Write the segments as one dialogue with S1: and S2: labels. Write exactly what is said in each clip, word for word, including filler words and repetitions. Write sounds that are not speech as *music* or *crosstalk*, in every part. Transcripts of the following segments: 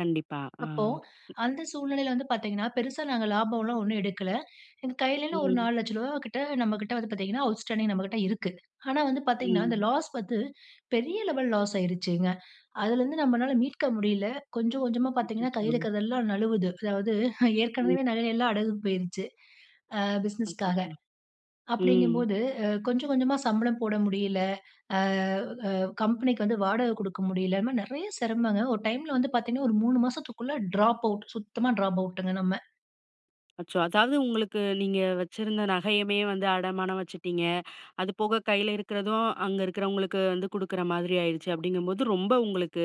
S1: கண்டிப்பா ஆ.
S2: அப்போ அந்த சூழ்நிலையில வந்து பாத்தீங்கன்னா, பெருசா நாங்க லாபம் எல்லாம் ஒண்ணும் எடுக்கல. எங்க கையில என்ன ஒரு
S1: ம்.
S2: நாலு லட்சம் ரூபா கிட்ட நம்ம கிட்ட வந்து பாத்தீங்கன்னா, அவுட்ஸ்டாண்டிங் நம்மகிட்ட இருக்கு. ஆனா வந்து பாத்தீங்கன்னா, இந்த
S1: ம்.
S2: லாஸ் வந்து, பெரிய லெவல் லாஸ் ஆயிடுச்சுங்க. அதிலருந்து நம்மளால மீட்க முடியலை. கொஞ்சம் கொஞ்சமா பாத்தீங்கன்னா
S1: அச்சச்சோ.
S2: கையில இருக்கிறது எல்லாம் நழுவுது. அதாவது ஹ
S1: ம்.
S2: ஏற்கனவே நகை எல்லாம் அடகு போயிருச்சு. அ பிஸ்னஸ்க்காக.
S1: அச்சச்சோ. ம்.
S2: அப்டிங்கும்போது, கொஞ்சம் கொஞ்சமா சம்பளம் போட முடியல. அ ஆ கம்பெனிக்கு வந்து வாடகை குடுக்க முடியலை. இந்த மாரி நிறைய சிரமங்கள், ஒரு டைம்ல வந்து பாத்தீங்கன்னா, ஒரு மூணு மாசத்துக்குள்ள டிராப் அவுட் சுத்தமா டிராப் அவுட்டுங்க நம்ம.
S1: அச்சோ, அதாவது உங்களுக்கு, நீங்க வச்சிருந்த நகையுமே வந்து அடமானம் வச்சுட்டீங்க. அது போக கையில இருக்கிறதும் அங்க இருக்கிறவங்களுக்கு வந்து குடுக்குற மாதிரி ஆயிடுச்சு. அப்படிங்கும்போது. ரொம்ப உங்களுக்கு,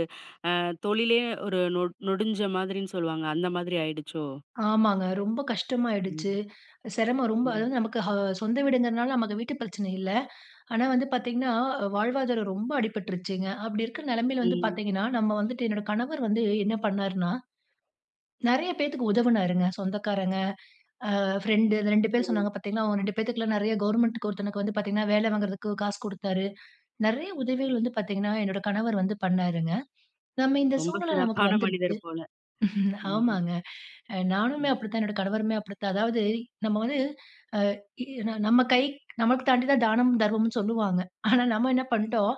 S1: அ தொழிலே ஒரு நொ நொடுஞ்ச மாதிரின்னு சொல்லுவாங்க. அந்த மாதிரி ஆயிடுச்சோ?
S2: ஆமாங்க ரொம்ப கஷ்டமா ஆயிடுச்சு.
S1: ம்.
S2: சிரமம் ரொம்ப,
S1: ம்.
S2: அதாவது நமக்கு ஹா சொந்த வீடுங்குறதுனால நமக்கு வீட்டு பிரச்சனை இல்ல. ஆனா வந்து பாத்தீங்கன்னா, வாழ்வாதாரம் ரொம்ப அடிபட்ருச்சுங்க. அப்டி இருக்கிற நிலைமையில வந்து
S1: ம்.
S2: பாத்தீங்கன்னா, நம்ம வந்துட்டு, என்னோட கணவர் வந்து என்ன பண்ணார்ன்னா, நெறைய பேத்துக்கு உதவுனாருங்க. சொந்தக்காரங்க, ஆ ஃபிரெண்ட்டு, அந்த ரெண்டு
S1: ஓ.
S2: பேர் சொன்னாங்க பாத்தீங்களா அவுங்க ரெண்டு பேத்துக்கெல்லாம் நெறைய கவர்ன்மென்ட்க்கு ஒருத்தனுக்கு வந்து பாத்தீங்கன்னா, வேல வாங்குறதுக்கு காசு குடுத்தாரு. நெறைய உதவிகள் வந்து பாத்தீங்கன்னா, என்னோட கணவர் வந்து பண்ணாருங்க. நம்ம இந்த
S1: ரொம்ப
S2: சூழ்நிலை நமக்கு
S1: சிறப்பான
S2: வந்துருச்சு.
S1: மனிதர் போல.
S2: *chuckles*
S1: ம்.
S2: ஆமாங்க. அ நானுமே
S1: ம்.
S2: அப்படி தான். என்னோட கணவருமே அப்படித்தான். அதாவது நம்ம வந்து அ இ ந நம்ம கை, நமக்கு தாண்டி தான் தானமும், தர்மமும்ன்னு சொல்லுவாங்க. ஆனா, நம்ம என்ன பண்ட்டோம்.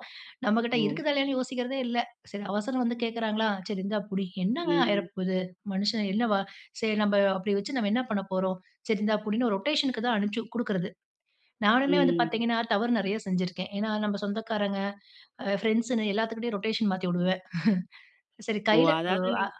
S2: நம்மகிட்ட
S1: ஓ.
S2: இருக்குதா இல்லையான்னு யோசிக்கிறதே இல்ல. சரி அவசரம் வந்து கேக்கிறாங்ர்களா? 'சரி இந்தா புடி." என்னாங்க ஆயிர
S1: ம்.
S2: போது? மனுஷன் என்ன வா சரி நம்ப அப்டி வச்சு நம்ம என்னா பண்ணப்போறோம்? சரி இந்தா புடின்னு ரொட்டேஷன்க்கு தான் அனுப்ச்சு குடுக்கிறது. நானுமே வந்து
S1: ம்.
S2: பாத்தீங்கன்னா, தவறு நெறையா செஞ்சிருக்கேன். ஏன்னா, நம்ம சொந்தக்காரங்க, அ ஃபிரெண்ட்ஸ்ஸுன்னு எல்லாத்துகிட்டயும் ரொட்டேஷன் மாத்தி விடுவேன். *chuckles* சரி
S1: ஓ
S2: கையில உ
S1: அதாவது
S2: ஆ.
S1: நீங்